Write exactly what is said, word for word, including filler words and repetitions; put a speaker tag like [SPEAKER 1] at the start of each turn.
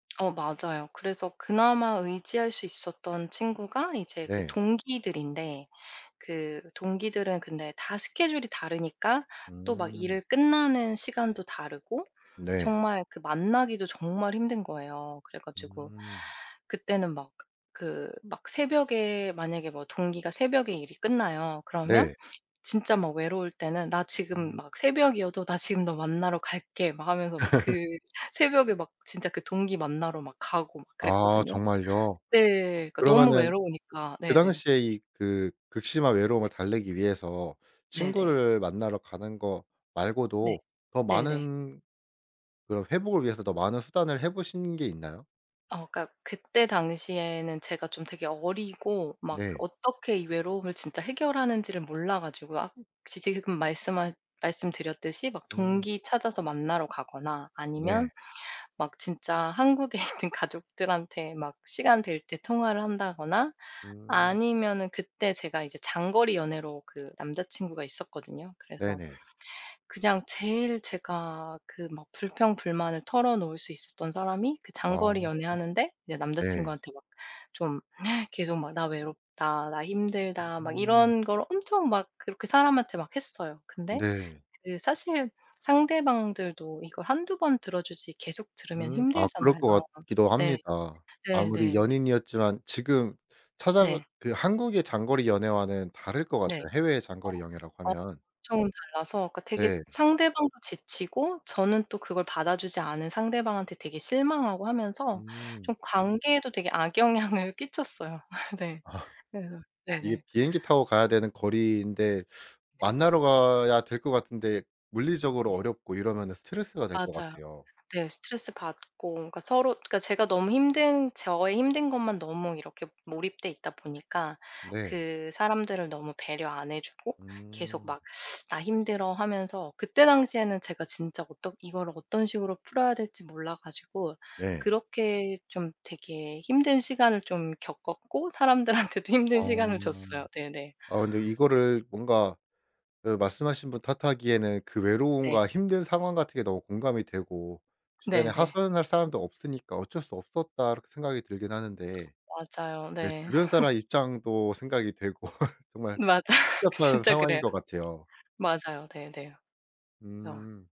[SPEAKER 1] 어 맞아요. 그래서 그나마 의지할 수 있었던 친구가 이제 그
[SPEAKER 2] 네.
[SPEAKER 1] 동기들인데 그 동기들은 근데 다 스케줄이 다르니까 또 막
[SPEAKER 2] 음.
[SPEAKER 1] 일을 끝나는 시간도 다르고
[SPEAKER 2] 네.
[SPEAKER 1] 정말 그 만나기도 정말 힘든 거예요. 그래 가지고
[SPEAKER 2] 음.
[SPEAKER 1] 그때는 막 그 막 새벽에 만약에 뭐 동기가 새벽에 일이 끝나요. 그러면
[SPEAKER 2] 네.
[SPEAKER 1] 진짜 막 외로울 때는 "나 지금."
[SPEAKER 2] 음.
[SPEAKER 1] 막 새벽이어도 "나 지금 너 만나러 갈게."막 하면서 막 그 새벽에 막 진짜 그 동기 만나러 막 가고 막
[SPEAKER 2] 아
[SPEAKER 1] 그랬거든요.
[SPEAKER 2] 정말요?
[SPEAKER 1] 네. 그러니까 너무
[SPEAKER 2] 그러면은
[SPEAKER 1] 외로우니까.
[SPEAKER 2] 그
[SPEAKER 1] 네네.
[SPEAKER 2] 당시에 이 그 극심한 외로움을 달래기 위해서
[SPEAKER 1] 네네.
[SPEAKER 2] 친구를 만나러 가는 거
[SPEAKER 1] 네.
[SPEAKER 2] 말고도 더
[SPEAKER 1] 네네.
[SPEAKER 2] 많은 그런 회복을 위해서 더 많은 수단을 해보신 게 있나요?
[SPEAKER 1] 어 그니까 그때 당시에는 제가 좀 되게 어리고 막 그
[SPEAKER 2] 네.
[SPEAKER 1] 어떻게 이 외로움을 진짜 해결하는지를 몰라 가지고 아 혹시 지금 말씀하 말씀드렸듯이 막
[SPEAKER 2] 음.
[SPEAKER 1] 동기 찾아서 만나러 가거나 아니면
[SPEAKER 2] 네.
[SPEAKER 1] 막 진짜 한국에 있는 가족들한테 막 시간 될 때 통화를 한다거나
[SPEAKER 2] 음.
[SPEAKER 1] 아니면은 그때 제가 이제 장거리 연애로 그 남자친구가 있었거든요. 그래서
[SPEAKER 2] 네네.
[SPEAKER 1] 그냥 제일 제가 그 막 불평불만을 털어놓을 수 있었던 사람이 그
[SPEAKER 2] 아.
[SPEAKER 1] 장거리 연애하는데
[SPEAKER 2] 네.
[SPEAKER 1] 남자친구한테 이제 막 좀 계속 "나 외롭다, 나 힘들다."막
[SPEAKER 2] 음.
[SPEAKER 1] 이런 걸 엄청 막 그렇게 사람한테 막 했어요. 근데
[SPEAKER 2] 네.
[SPEAKER 1] 그 사실 상대방들도 이걸 한두 번 들어주지 계속 들으면
[SPEAKER 2] 음 아 그럴
[SPEAKER 1] 힘들잖아요.
[SPEAKER 2] 것 같기도
[SPEAKER 1] 네.
[SPEAKER 2] 합니다. 아무리
[SPEAKER 1] 네네네.
[SPEAKER 2] 연인이었지만 지금 찾아가
[SPEAKER 1] 네.
[SPEAKER 2] 그 한국의 장거리 연애와는 다를 것
[SPEAKER 1] 네.
[SPEAKER 2] 같아요 해외의 장거리 연애라고
[SPEAKER 1] [unintelligible]
[SPEAKER 2] 하면.
[SPEAKER 1] 엄청 달라서 그 되게
[SPEAKER 2] 네.
[SPEAKER 1] 상대방도 지치고 저는 또 그걸 받아주지 않은 상대방한테 되게 실망하고 하면서
[SPEAKER 2] 음.
[SPEAKER 1] 좀 관계에도 되게 악영향을 끼쳤어요. 네.
[SPEAKER 2] 아.
[SPEAKER 1] 그래서
[SPEAKER 2] 이게
[SPEAKER 1] 네네.
[SPEAKER 2] 비행기 타고 가야 되는 거리인데 만나러 가야 될 것 같은데 물리적으로
[SPEAKER 1] 네.
[SPEAKER 2] 어렵고 이러면 스트레스가 될 것
[SPEAKER 1] 맞아요.
[SPEAKER 2] 같아요.
[SPEAKER 1] 네. 스트레스받고 그러니까 서로 그러니까 제가 너무 힘든 저의 힘든 것만 너무 이렇게 몰입돼 있다 보니까
[SPEAKER 2] 네.
[SPEAKER 1] 그 사람들을 너무 배려 안 해주고 계속
[SPEAKER 2] 음.
[SPEAKER 1] 막 "나 힘들어."하면서 그때 당시에는 제가 진짜 어떻 이거를 어떤 식으로 풀어야 될지 몰라 가지고
[SPEAKER 2] 네.
[SPEAKER 1] 그렇게 좀 되게 힘든 시간을 좀 겪었고 사람들한테도
[SPEAKER 2] 아.
[SPEAKER 1] 힘든 시간을 줬어요. 네네.
[SPEAKER 2] 아 근데 이거를 뭔가 그 말씀하신 분 탓하기에는 그
[SPEAKER 1] 네.
[SPEAKER 2] 외로움과 힘든 상황 같은 게 너무 공감이 되고 '주변에
[SPEAKER 1] 네네.
[SPEAKER 2] 하소연 할 사람도 없으니까 어쩔 수 없었다.' 생각이 들긴 하는데
[SPEAKER 1] 맞아요.
[SPEAKER 2] 근데
[SPEAKER 1] 네.
[SPEAKER 2] 주변 사람 입장도 생각이 되고 정말
[SPEAKER 1] 맞아요.
[SPEAKER 2] 복잡한
[SPEAKER 1] 진짜
[SPEAKER 2] 상황인
[SPEAKER 1] 그래요.
[SPEAKER 2] 것 같아요.
[SPEAKER 1] 맞아요. 네네. 어.
[SPEAKER 2] 음.